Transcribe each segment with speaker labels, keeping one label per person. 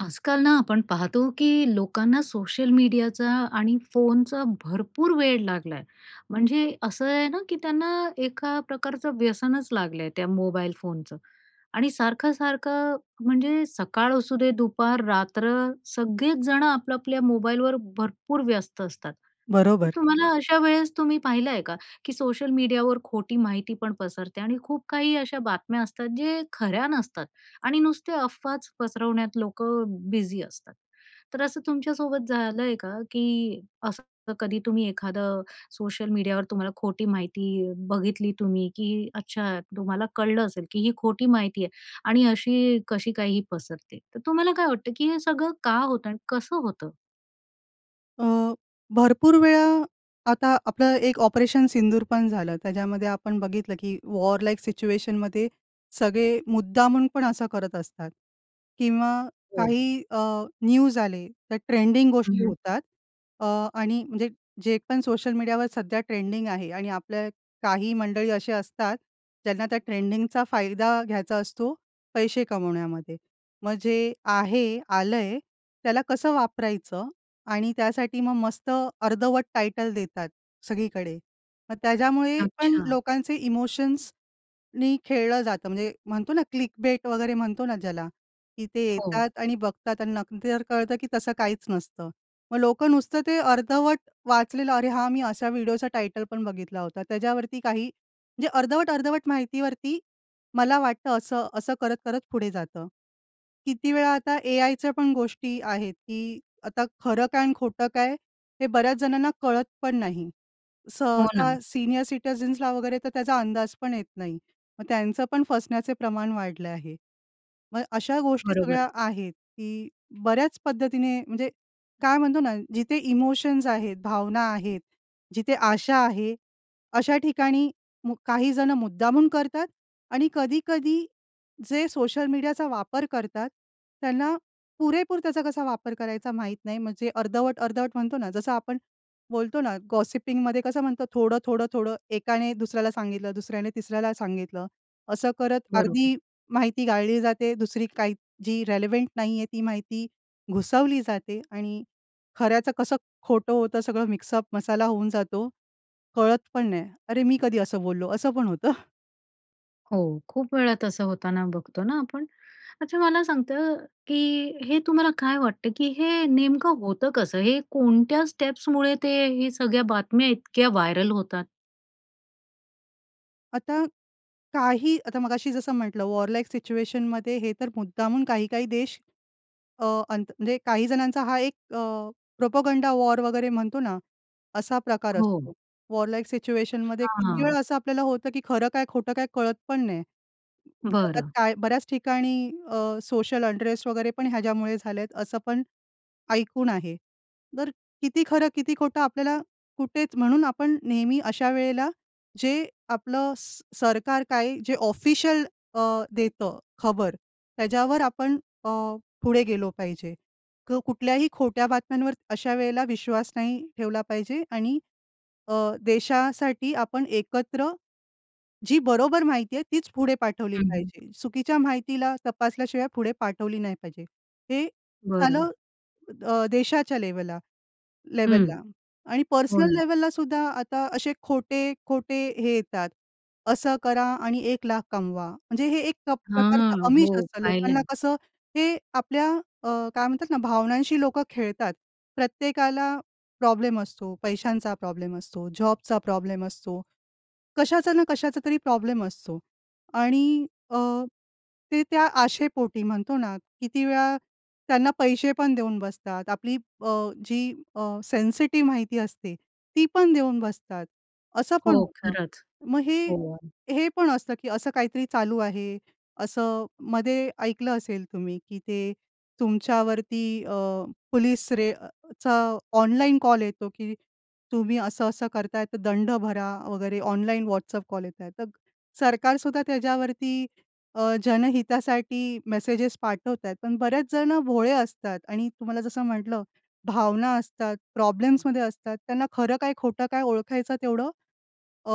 Speaker 1: आजकाल ना आपण पाहतो की लोकांना सोशल मीडियाचा आणि फोनचा भरपूर वेड लागलं आहे, म्हणजे असं आहे ना की त्यांना एका प्रकारचं व्यसनच लागलं आहे, त्या मोबाईल फोनचं. आणि सारखं-सारखं, म्हणजे सकाळ असूदे, दुपार, रात्र, सगळेच जणं आपल्या आपल्या मोबाईलवर भरपूर व्यस्त असतात. तर
Speaker 2: बरोबर.
Speaker 1: तुम्हाला अशा वेळेस तुम्ही पाहिलं आहे का, की सोशल मीडियावर खोटी माहिती पण पसरते आणि खूप काही अशा बातम्या असतात जे खऱ्या नसतात आणि नुसत्या अफवाच पसरवण्यात लोकं बिझी असतात. तर असं तुमच्यासोबत झालं आहे का, की असं कधी तुम्ही एखादं सोशल मीडियावर तुम्हाला खोटी माहिती बघितली तुम्ही, की अच्छा तुम्हाला कळलं असेल की ही खोटी माहिती आहे आणि अशी कशी काय ही पसरते? तर तुम्हाला काय वाटतं की हे सगळं का होतं आणि कसं होतं?
Speaker 2: अ, भरपूर वेळा आता आपलं एक ऑपरेशन सिंदूर पण झालं, त्याच्यामध्ये आपण बघितलं की वॉर लाईक सिच्युएशन मध्ये सगळे मुद्दामून पण असं करत असतात किंवा
Speaker 1: हो.
Speaker 2: काही अ, न्यूज आले, त्या ट्रेंडिंग
Speaker 1: हं,
Speaker 2: गोष्टी
Speaker 1: हं.
Speaker 2: होतात. अ, आणि म्हणजे जे पण सोशल मीडियावर सध्या ट्रेंडिंग आहे आणि आपल्या काही मंडळी असे असतात ज्यांना त्या ट्रेंडिंगचा फायदा घ्यायचा असतो पैसे कमवण्यामध्ये. मग जे आहे, आलंय, त्याला कसं वापरायचं आणि त्यासाठी मग मस्त अर्धवट टायटल देतात सगळीकडे, मग त्याच्यामुळे पण
Speaker 1: अच्छा.
Speaker 2: लोकांचे इमोशन्सनी खेळलं जातं, म्हणजे म्हणतो ना, क्लिकबेट वगैरे म्हणतो ना ज्याला, की ते
Speaker 1: हो.
Speaker 2: येतात आणि बघतात आणि न नंतर जर कळतं की तसं काहीच नसतं. मग लोकं नुसतं ते अर्धवट वाचलेलं, "अरे हा, मी अशा व्हिडीओचा टायटल पण बघितला होता." त्याच्यावरती काही म्हणजे अर्धवट-अर्धवट माहितीवरती, "मला वाटतं असं," असं करत-करत पुढे जातं. किती वेळा आता एआयच्या पण गोष्टी आहेत की आता खरं काय आणि खोटं काय हे बऱ्याच जणांना कळत पण नाही.
Speaker 1: हो
Speaker 2: सहसा
Speaker 1: ना.
Speaker 2: सीनियर सिटिझन्सला वगैरे तर त्याचा अंदाज पण येत नाही. मग त्यांचं पण फसण्याचे प्रमाण वाढलं आहे. मग अशा गोष्टी
Speaker 1: बरोबर.
Speaker 2: सगळ्या आहेत की बऱ्याच पद्धतीने, म्हणजे काय म्हणतो ना, जिथे इमोशन्स आहेत, भावना आहेत, जिथे आशा आहे, अशा ठिकाणी मु काही जणं मुद्दामून करतात आणि कधी-कधी जे सोशल मीडियाचा वापर करतात, त्यांना पुरेपूर त्याचा कसा वापर करायचा माहीत नाही, म्हणजे अर्धवट-अर्धवट म्हणतो ना, जसं आपण बोलतो ना गॉसिपिंग मध्ये कसं म्हणतो थोडं-थोडं-थोडं एकाने दुसऱ्याला सांगितलं, दुसऱ्याने तिसऱ्याला सांगितलं, असं करत
Speaker 1: बरोबर.
Speaker 2: अर्धी माहिती गाळली जाते, दुसरी काही, जी रिलेवंट नाही आहे ती माहिती घुसवली जाते आणि खऱ्याचं कसं खोटं होतं सगळं मिक्सअप मसाला होऊन जातो कळत पण नाही. "अरे मी कधी असं बोललो?" असं पण होतं.
Speaker 1: हो, खूप वेळा तसं होतांना बघतो ना आपण. अच्छा, मला सांगता की हे तुम्हाला काय वाटतं, की हे नेमकं होतं कसं? हे कोणत्या स्टेप्समुळे ते हे सगळ्या बातम्या इतक्या व्हायरल होतात?
Speaker 2: आता काही, आता मगाशी जसं म्हटलं, वॉर लाइक सिच्युएशनमध्ये हे तर मुद्दामून काही काही देश अ, अंत म्हणजे काही जणांचा हा एक अ, प्रोपगंडा वॉर वगैरे म्हणतो ना, असा प्रकार
Speaker 1: हो.
Speaker 2: असतो. वॉर लाइक सिच्युएशनमध्ये किती वेळ
Speaker 1: अच्छा.
Speaker 2: असं आपल्याला होतं, की खरं काय? खोटं काय? कळत पण नाही.
Speaker 1: बरं.
Speaker 2: जगात बऱ्याच ठिकाणी अ, सोशल अनरेस्ट वगैरे पण ह्याच्यामुळे झाले आहेत, असं पण ऐकून आहे. तर किती खरं किती खोटं आपल्याला कुठेच, म्हणून आपण नेहमी अशा वेळेला जे आपलं सरकार काय, जे ऑफिशियल अ, देतं खबर, त्याच्यावर आपण अ, पुढे गेलो पाहिजे. तर कुठल्याही खोट्या बातम्यांवर अशा वेळेला विश्वास नाही ठेवला पाहिजे. आणि अ, देशासाठी आपण एकत्र जी बरोबर माहिती आहे तीच पुढे पाठवली
Speaker 1: हं, हं.
Speaker 2: पाहिजे. चुकीच्या माहितीला तपासल्याशिवाय पुढे पाठवली नाही पाहिजे. हे
Speaker 1: बरं.
Speaker 2: झालं अ, देशाच्या लेवला
Speaker 1: हं.
Speaker 2: लेव्हलला. आणि
Speaker 1: हो
Speaker 2: पर्सनल
Speaker 1: ना.
Speaker 2: लेवललासुद्धा आता असे खोटे-खोटे हे येतात, “असं करा आणि एक लाख कमवा.” म्हणजे हे एक प्रकारचं
Speaker 1: हां.
Speaker 2: आमिष
Speaker 1: हो
Speaker 2: असतं
Speaker 1: पाहिल आहे.
Speaker 2: लोकांना कसं ते, आपल्या अ, काय म्हणतात ना, भावनांशी लोकं खेळतात. प्रत्येकाला प्रॉब्लेम असतो, पैशांचा प्रॉब्लेम असतो, जॉबचा प्रॉब्लेम असतो, कशाचा ना कशाचा तरी प्रॉब्लेम असतो. आणि अ, ते त्या आशेपोटी म्हणतो ना, किती वेळा त्यांना पैसे पण देऊन बसतात. आपली अ, जी अ, सेन्सिटिव्ह माहिती असते ती पण देऊन बसतात, असं पण
Speaker 1: हो,
Speaker 2: होतं.
Speaker 1: खरंच
Speaker 2: मग हे,
Speaker 1: हो.
Speaker 2: हे पण असतं, की असं काहीतरी चालू आहे, असं मध्ये ऐकलं असेल तुम्ही, की ते तुमच्यावरती अ, पोलिस रेडचा ऑनलाइन कॉल येतो, की “तुम्ही असं-असं करताय, तर दंड भरा वगैरे.” ऑनलाइन व्हॉट्सअप कॉल येत आहे. तर सरकारसुद्धा त्याच्यावरती अ, जनहितासाठी मेसेजेस पाठवत आहेत. पण बरेच जण भोळे असतात. आणि तुम्हाला जसं म्हटलं, भावना असतात, प्रॉब्लेम्समध्ये असतात. त्यांना खरं काय, खोटं काय? ओळखायचं तेवढं अ,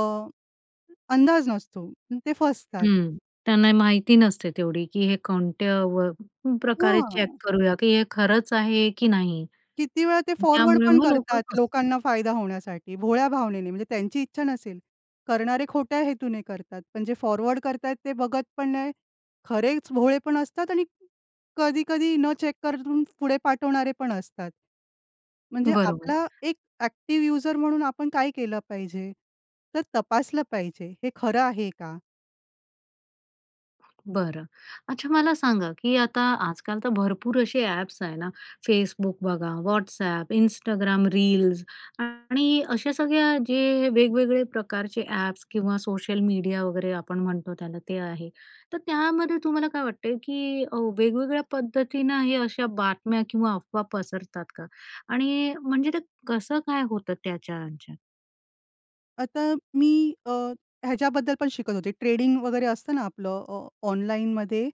Speaker 2: अंदाज नसतो. ते फसतात.
Speaker 1: हं. त्यांना माहिती नसते तेवढी, की हे कोणत्या व प्रकारे चेक
Speaker 2: हं.
Speaker 1: करूया, की हे खरंच आहे की नाही.
Speaker 2: किती वेळा ते फॉरवर्ड
Speaker 1: त्यामुळे
Speaker 2: पण
Speaker 1: मग लोकं
Speaker 2: करतात,
Speaker 1: फसतात.
Speaker 2: लोकांना फायदा होण्यासाठी भोळ्या भावनेने. म्हणजे त्यांची इच्छा नसेल, करणारे खोट्या हेतूने करतात, पण जे फॉरवर्ड करत आहेत ते बघत पण नाही. खरेच भोळे पण असतात आणि कधी-कधी न चेक करून पुढे पाठवणारे पण असतात. म्हणजे
Speaker 1: बरोबर.
Speaker 2: आपला एक एक्टिव यूजर म्हणून आपण काय केलं पाहिजे? तर तपासलं पाहिजे हे खरं आहे का?
Speaker 1: बरं. अच्छा, मला सांगा, की आता आजकाल तर भरपूर असे ॲप्स आहे ना, Facebook बघा, WhatsApp, Instagram रील्स आणि अशा सगळ्या जे वेगवेगळे प्रकारचे ॲप्स किंवा सोशल मीडिया वगैरे आपण म्हणतो त्याला ते आहे. तर त्यामध्ये तुम्हाला काय वाटते? की अ, वेगवेगळ्या पद्धतीनं हे अशा बातम्या किंवा अफवा पसरतात का? आणि म्हणजे ते कसं काय होतं त्याच्या ह्यांच्यात?
Speaker 2: आता मी अ, ह्याच्याबद्दल पण शिकत होते. ट्रेडिंग वगैरे असतं ना, आपलं. अ, ऑनलाइनमध्ये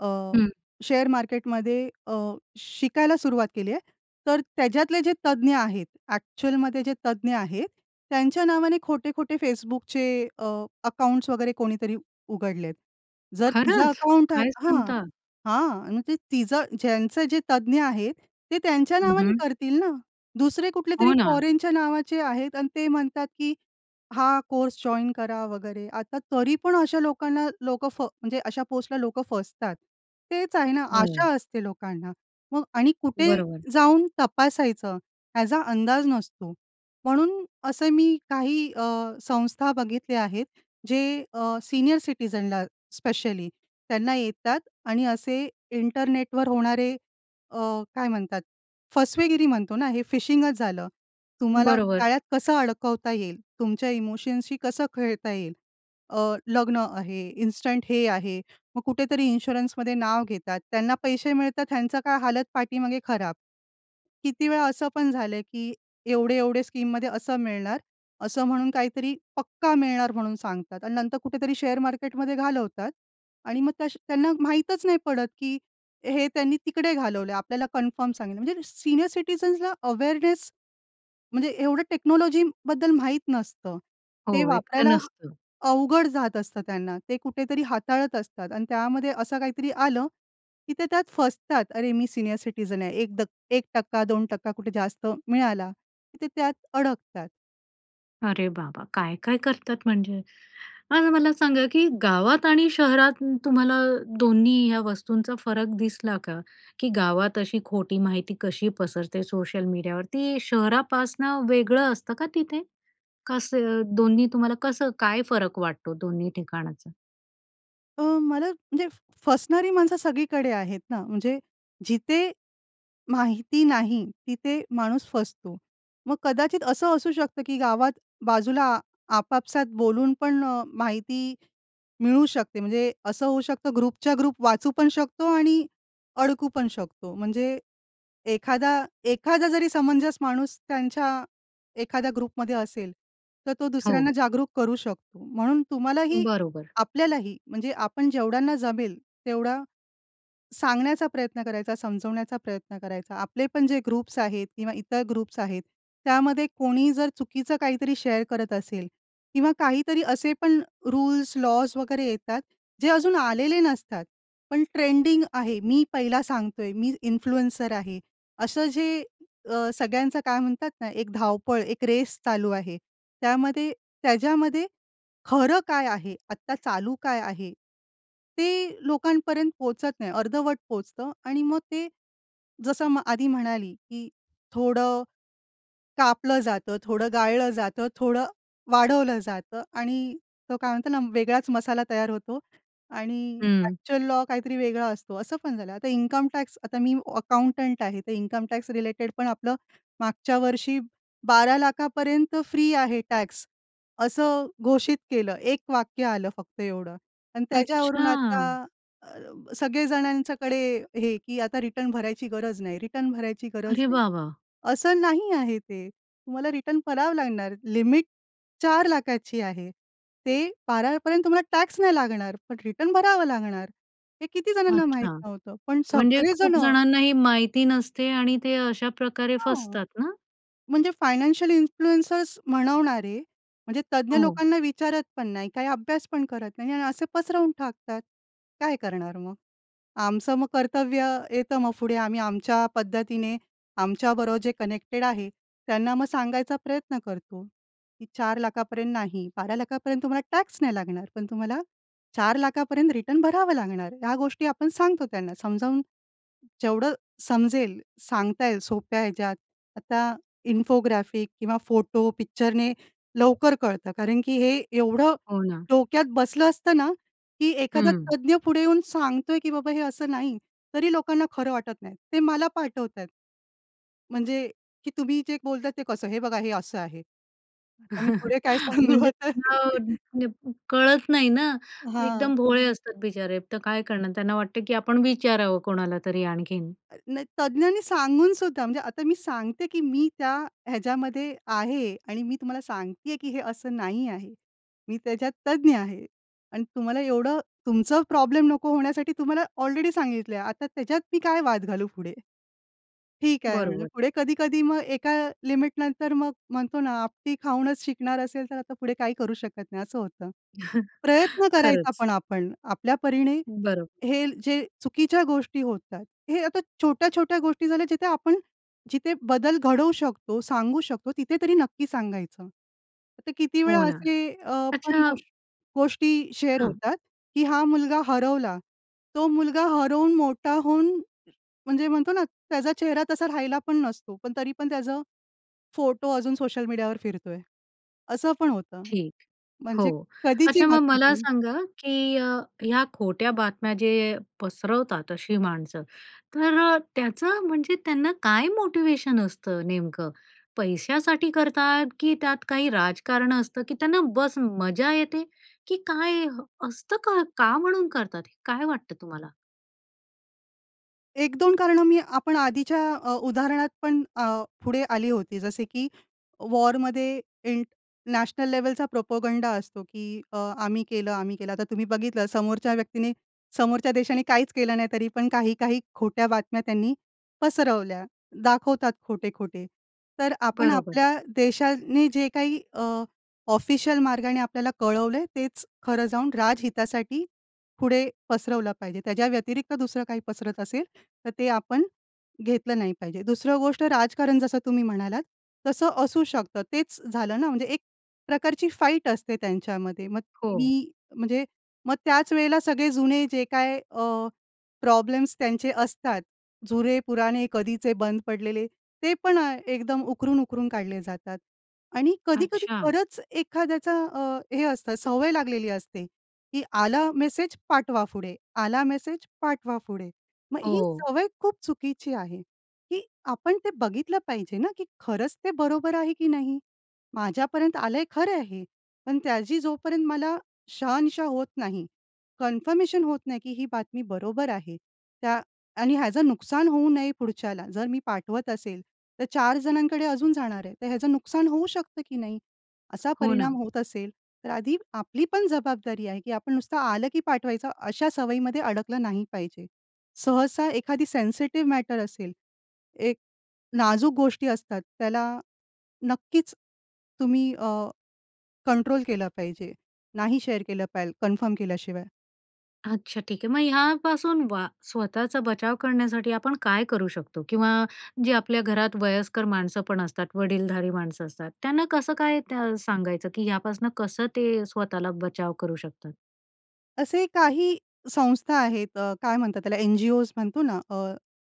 Speaker 2: अ,
Speaker 1: हं.
Speaker 2: शेअर मार्केटमध्ये अ, शिकायला सुरुवात केली आहे. तर त्याच्यातले जे तज्ञ आहेत. ॲक्चुअलमध्ये जे तज्ञ आहेत. त्यांच्या नावाने खोटे-खोटे Facebookचे अ, अकाउंट्स वगैरे कोणीतरी उघडले आहेत. जर तुझं
Speaker 1: खरंच!
Speaker 2: अकाउंट आहे
Speaker 1: काय
Speaker 2: हां,
Speaker 1: सांगता?
Speaker 2: हां. मग ते तिचं ज्यांचं जे तज्ञ आहेत ते त्यांच्या
Speaker 1: हं,
Speaker 2: नावाने
Speaker 1: हं.
Speaker 2: करतील ना, दुसरे
Speaker 1: हो,
Speaker 2: कुठलेतरी
Speaker 1: ना.
Speaker 2: फॉरेनच्या नावाचे आहेत आणि ते म्हणतात, की हा, कोर्स जॉइन करा वगैरे. आता तरी पण अशा लोकांना, लोकं फ म्हणजे अशा पोस्टला लोकं फसतात. तेच आहे ना,
Speaker 1: हं.
Speaker 2: आशा असते लोकांना, मग आणि कुठे
Speaker 1: बरोबर.
Speaker 2: जाऊन तपासायचं, याचा अंदाज नसतो. म्हणून असे मी काही अ, संस्था बघितल्या आहेत. जे अ, सीनियर सिटिझनला स्पेशली त्यांना येतात आणि असे इंटरनेटवर होणारे अ, काय म्हणतात? फसवेगिरी म्हणतो ना, हे फिशिंगच झालं. तुम्हाला
Speaker 1: बरोबर.
Speaker 2: जाळ्यात कसं अडकवता येईल? तुमच्या इमोशनशी कसं खेळता येईल? अ, लग्न आहे, इन्स्टंट हे आहे. मग कुठेतरी इन्शुरन्समध्ये नाव घेतात. त्यांना पैसे मिळतात. ह्यांचा काय हालत पाठीमागे खराब. किती वेळा असं पण झालं, की एवढे-एवढे स्कीममध्ये असं मिळणार. असं म्हणून काहीतरी, पक्का मिळणार म्हणून सांगतात आणि नंतर कुठेतरी शेअर मार्केटमध्ये घालवतात आणि मग तश्या त्यांना माहीतच नाही पडत, की हे त्यांनी तिकडे घालवलंय. आपल्याला कन्फर्म सांगितलं. म्हणजे सीनियर सिटिझन्सला अवेअरनेस म्हणजे एवढं टेक्नॉलॉजीबद्दल माहीत नसतं.
Speaker 1: हो,
Speaker 2: ते
Speaker 1: इतकं
Speaker 2: वापरायला
Speaker 1: नसतो.
Speaker 2: अवघड जात असतं त्यांना. ते कुठेतरी हाताळत असतात आणि त्यामध्ये असं काहीतरी आलं, की ते त्यात फसतात. अरे, मी सीनियर सिटिझन आहे. 1% 2% कुठे जास्त मिळाला ते त्यात अडकतात.
Speaker 1: अरे बाबा! काय-काय करतात म्हणजे. आता मला सांगा, की गावात आणि शहरात तुम्हाला दोन्ही ह्या वस्तूंचा फरक दिसला का? की गावात अशी खोटी माहिती कशी पसरते सोशल मीडियावरती? शहरापासनं वेगळं असतं का तिथे? कसं? दोन्ही तुम्हाला कसं काय फरक वाटतो, दोन्ही ठिकाणाचा?
Speaker 2: अ, मला, म्हणजे फसणारी माणसं सगळीकडे आहेत ना, म्हणजे जिथे माहिती नाही, तिथे माणूस फसतो. मग कदाचित असं असू शकतं, की गावात बाजूला आपापसात बोलून पण अ, माहिती मिळू शकते. म्हणजे असं होऊ शकतं ग्रुपच्या ग्रुप वाचू पण शकतो आणि अडकू पण शकतो. म्हणजे एखादा एखादा जरी समंजस माणूस त्यांच्या एखाद्या ग्रुपमध्ये असेल, तर तो
Speaker 1: हो.
Speaker 2: दुसऱ्यांना जागरूक करू शकतो. म्हणून तुम्हाला ही
Speaker 1: बरोबर.
Speaker 2: आपल्याला ही म्हणजे आपण जेवढ्यांना जमेल तेवढा, सांगण्याचा प्रयत्न करायचा, समजवण्याचा प्रयत्न करायचा. आपले पण जे ग्रुप्स आहेत किंवा इतर ग्रुप्स आहेत, त्यामध्ये कोणी जर चुकीचं काही तरी शेअर करत असेल किंवा काही तरी असे पण रूल्स, लॉज वगैरे येतात, जे अजून आलेले नसतात, पण ट्रेंडिंग आहे. मी पहिला सांगतो आहे, मी इन्फ्लुएन्सर आहे, असं जे अ, सगळ्यांचं काय म्हणतात ना, एक धाव-पळ, एक रेस चालू आहे. त्यामध्ये त्याज्यामध्ये खरं काय आहे, आत्ता चालू काय आहे, ते लोकांपर्यंत पोहचत नाही. अर्धवट पोहोचतं आणि मग ते, जसं मग आधी म्हणाली, की थोडं कापलं जातं, थोडं गाळलं जातं, थोडं वाढवलं जातं आणि तो काय म्हणतो ना, वेगळाच मसाला तयार होतो आणि
Speaker 1: हं.
Speaker 2: एक्चुअल लॉ काही तरी वेगळा असतो, असं पण झालं. आता इन्कम टॅक्स आता मी अकाउंटंट आहे, तर इन्कम टॅक्स रिलेटेड पण आपलं, मागच्या वर्षी 12,00,000पर्यंत फ्री आहे टॅक्स, असं घोषित केलं. एक वाक्य आलं फक्त एवढं आणि त्याच्यावरून आता
Speaker 1: अच्छा.
Speaker 2: अ, सगळे जणांच्याकडे, हे, की आता रिटर्न भरायची गरज नाही, रिटर्न भरायची गरज
Speaker 1: अरे
Speaker 2: नाही.
Speaker 1: वाह! वाह!
Speaker 2: असं नाही आहे ते, तुम्हाला रिटर्न भरावं लागणार, लिमिट 4,00,000ची आहे. ते 12पर्यंत तुम्हाला टॅक्स नाही लागणार, पण रिटर्न भरावं लागणार. हे किती जणांना माहीत
Speaker 1: अच्छा.
Speaker 2: नव्हतं, पण
Speaker 1: म्हणजे
Speaker 2: सगळे जण
Speaker 1: खूप जणांना ही माहिती नसते आणि ते अशा प्रकारे
Speaker 2: हो.
Speaker 1: फसतात ना?
Speaker 2: म्हणजे फायनान्शियल इन्फ्लुएंसर्स म्हणवणारे, म्हणजे तज्ञ
Speaker 1: हो.
Speaker 2: लोकांना विचारत पण नाही, काही अभ्यास पण करत नाही आणि असे पसरवून टाकतात. काय करणार मग? आमचं मग कर्तव्य येतं मग पुढे, आम्ही आमच्या पद्धतीने, आमच्याबरोबर जे कनेक्टेड आहे. त्यांना मग सांगायचा प्रयत्न करतो, की 4,00,000पर्यंत नाही, 12,00,000पर्यंत तुम्हाला टॅक्स नाही लागणार. पण तुम्हाला 4,00,000पर्यंत रिटर्न भरावं लागणार, ह्या गोष्टी आपण सांगतो त्यांना समजावून, जेवढं समजेल, सांगता येईल, सोप्या ह्याच्यात. आता इन्फोग्राफिक किंवा फोटो, पिक्चरने लवकर कळतं. कारण की हे एवढं
Speaker 1: हो ना.
Speaker 2: डोक्यात बसलं असतं ना, की एखादा
Speaker 1: हं.
Speaker 2: तज्ञ पुढे येऊन सांगतो आहे, की "बाबा हे असं नाही." तरी लोकांना खरं वाटत नाही, ते मला पाठवत आहेत. म्हणजे, की "तुम्ही जे बोलत आहे ते कसं? हे बघा हे असं आहे." आता मी पुढे काय सांगू
Speaker 1: म्हणजे
Speaker 2: आता.
Speaker 1: त्यांना म्हणजे कळत नाही ना,
Speaker 2: हां.
Speaker 1: एकदम भोळे असतात बिचारे. तर काय करणार त्यांना वाटतं, की आपण विचारावं कोणाला तरी आणखीन.
Speaker 2: अ, नाही, तज्ञांनी सांगून सुद्धा, म्हणजे आता मी सांगते, की मी त्या ह्याच्यामध्ये आहे आणि मी तुम्हाला सांगते आहे, की हे असं नाही आहे. मी त्याच्यात तज्ञ आहे आणि तुम्हाला एवढं तुमचं प्रॉब्लेम नको होण्यासाठी तुम्हाला ऑलरेडी सांगितलं आहे. आता त्याच्यात मी काय वाद घालू पुढे, "ठीक आहे", म्हटलं.
Speaker 1: बरोबर.
Speaker 2: पुढे कधी-कधी मग एका लिमिटनंतर मग म्हणतो ना आपटी खाऊनच शिकणार असेल, तर आता पुढे काही करू शकत नाही, असं होतं. प्रयत्न करायचा
Speaker 1: खरंच.
Speaker 2: पण आपण, आपल्या परीने
Speaker 1: बरं.
Speaker 2: हे जे चुकीच्या गोष्टी होत आहेत, हे आता छोट्या-छोट्या गोष्टी झाल्या, जिथे आपण जिथे बदल घडवू शकतो, सांगू शकतो, तिथे तरी नक्की सांगायचं. तर किती वेळा
Speaker 1: हो ना.
Speaker 2: असे अ, पण
Speaker 1: अच्छा
Speaker 2: गोष गोष्टी शेअर
Speaker 1: हां.
Speaker 2: होतात, की हा मुलगा हरवला, तो मुलगा हरवून मोठा होऊन, म्हणजे म्हणतो ना त्याचा चेहरा तसा राहिला पण नसतो, पण तरी पण त्याचं फोटो अजून सोशल मीडियावर फिरतो आहे, असं पण होतं.
Speaker 1: ठीक.
Speaker 2: म्हणजे
Speaker 1: हो.
Speaker 2: कधीची
Speaker 1: अच्छा मग
Speaker 2: बातमी
Speaker 1: मला
Speaker 2: ती
Speaker 1: सांगा, की अ, या खोट्या बातम्या जे पसरवतात, अशी माणसं. तर अ, त्याचं, म्हणजे त्यांना काय मोटिवेशन असतं नेमकं? पैशासाठी करतात, की त्यात काही राजकारण असतं, की त्यांना बस मजा येते, की काय असतं का? का म्हणून करतात हे? काय वाटतं तुम्हाला?
Speaker 2: 1-2 कारणं मी आपण आधीच्या अ, उदाहरणात पण अ, पुढे आली होती. जसे की वॉरमध्ये इंट नॅशनल लेव्हलचा प्रोपगंडा असतो की अ, आम्ही केलं, आम्ही केलं. आता तुम्ही बघितलं समोरच्या व्यक्तीने, समोरच्या देशाने काहीच केलं नाही, तरी पण काही-काही खोट्या बातम्या त्यांनी पसरवल्या, दाखवतात खोटे-खोटे. तर आपण
Speaker 1: बरोबर.
Speaker 2: आपल्या देशाने जे काही अ, ऑफिशियल मार्गाने आपल्याला कळवलंय, तेच खरं जाऊन राजहितासाठी पुढे पसरवलं पाहिजे. त्याच्या व्यतिरिक्त दुसरं काही पसरत असेल, तर ते आपण घेतलं नाही पाहिजे. दुसरं गोष्ट राजकारण जसं तुम्ही म्हणालात, तसं असू शकतं. तेच झालं ना म्हणजे एक प्रकारची फाईट असते त्यांच्यामध्ये, मग
Speaker 1: हो.
Speaker 2: मी म्हणजे मग त्याच वेळेला सगळे जुने जे काय अ, प्रॉब्लेम्स त्यांचे असतात, जुने-पुराणे, कधीचे बंद पडलेले, ते पण अ, एकदम उकरून-उकरून काढले जातात. आणि कधी-कधी
Speaker 1: अच्छा.
Speaker 2: खरंच एखाद्याचा अ, हे असतं, सवय लागलेली असते, की आला मेसेज, पाठवा पुढे. आला मेसेज, पाठवा पुढे. मग ही
Speaker 1: हो.
Speaker 2: सवय खूप चुकीची आहे, की आपण ते बघितलं पाहिजे ना, की खरंच ते बरोबर आहे की नाही? माझ्यापर्यंत आलंय खरं आहे हे, पण त्याची जोपर्यंत मला शहानिशा होत नाही, कन्फर्मेशन होत नाही, की ही बातमी बरोबर आहे, त्या आणि ह्याचं नुकसान होऊ नये पुढच्याला. जर मी पाठवत असेल, तर 4 जणांकडे अजून जाणार आहे. तर ह्याचं नुकसान होऊ शकतं की नाही? असा
Speaker 1: हो
Speaker 2: परिणाम
Speaker 1: ना.
Speaker 2: होत असेल तर आधी आपली पण जबाबदारी आहे की आपण नुसतं आलं की पाठवायचं अशा सवयीमध्ये अडकलं नाही पाहिजे. सहसा एखादी सेन्सिटिव्ह मॅटर असेल, एक नाजूक गोष्टी असतात, त्याला नक्कीच तुम्ही अ, कंट्रोल केलं पाहिजे. नाही शेअर केलं पाहिजेल, कन्फर्म केल्याशिवाय.
Speaker 1: अच्छा, ठीक आहे. मग ह्यापासून वा स्वतःचा बचाव करण्यासाठी आपण काय करू शकतो? किंवा जे आपल्या घरात वयस्कर माणसं पण असतात, वडीलधारी माणसं असतात, त्यांना कसं काय त्या सांगायचं की ह्यापासून कसं ते स्वतःला बचाव करू शकतात?
Speaker 2: असे काही संस्था आहेत अ, काय म्हणतात त्याला? NGOज म्हणतो ना, अ,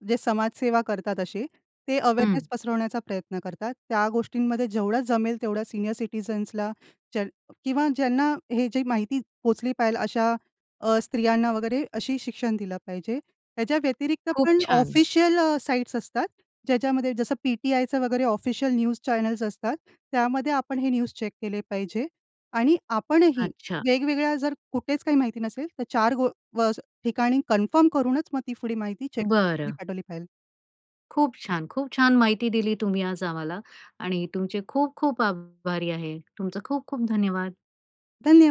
Speaker 2: जे समाजसेवा करतात असे, ते अवेरनेस
Speaker 1: हं.
Speaker 2: पसरवण्याचा प्रयत्न करतात. त्या गोष्टींमध्ये जेवढं जमेल तेवढ्या सीनियर सिटिझन्सला ज्या किंवा ज्यांना हे जे माहिती पोचली पाहिजेल अशा अ, स्त्रियांना वगैरे अशी शिक्षण दिलं पाहिजे. त्याच्या व्यतिरिक्त
Speaker 1: खूप
Speaker 2: पण
Speaker 1: छान.
Speaker 2: ऑफिशियल अ, साईट्स असतात ज्याच्यामध्ये जसं पी-टी-आयचं वगैरे ऑफिशियल न्यूज चॅनल्स असतात, त्यामध्ये आपण हे न्यूज चेक केले पाहिजे आणि आपणही
Speaker 1: अच्छा.
Speaker 2: वेगवेगळ्या जर कुठेच काही माहिती नसेल तर 4 गो व ठिकाणी कन्फर्म करूनच मग ती माहिती चेक करून पुढी
Speaker 1: बरं.
Speaker 2: पाठवली पाहिजेल.
Speaker 1: खूप छान! खूप छान माहिती दिली तुम्ही आज आम्हाला आणि तुमचे खूप-खूप आभारी आहे. तुमचं खूप-खूप धन्यवाद!
Speaker 2: धन्यवा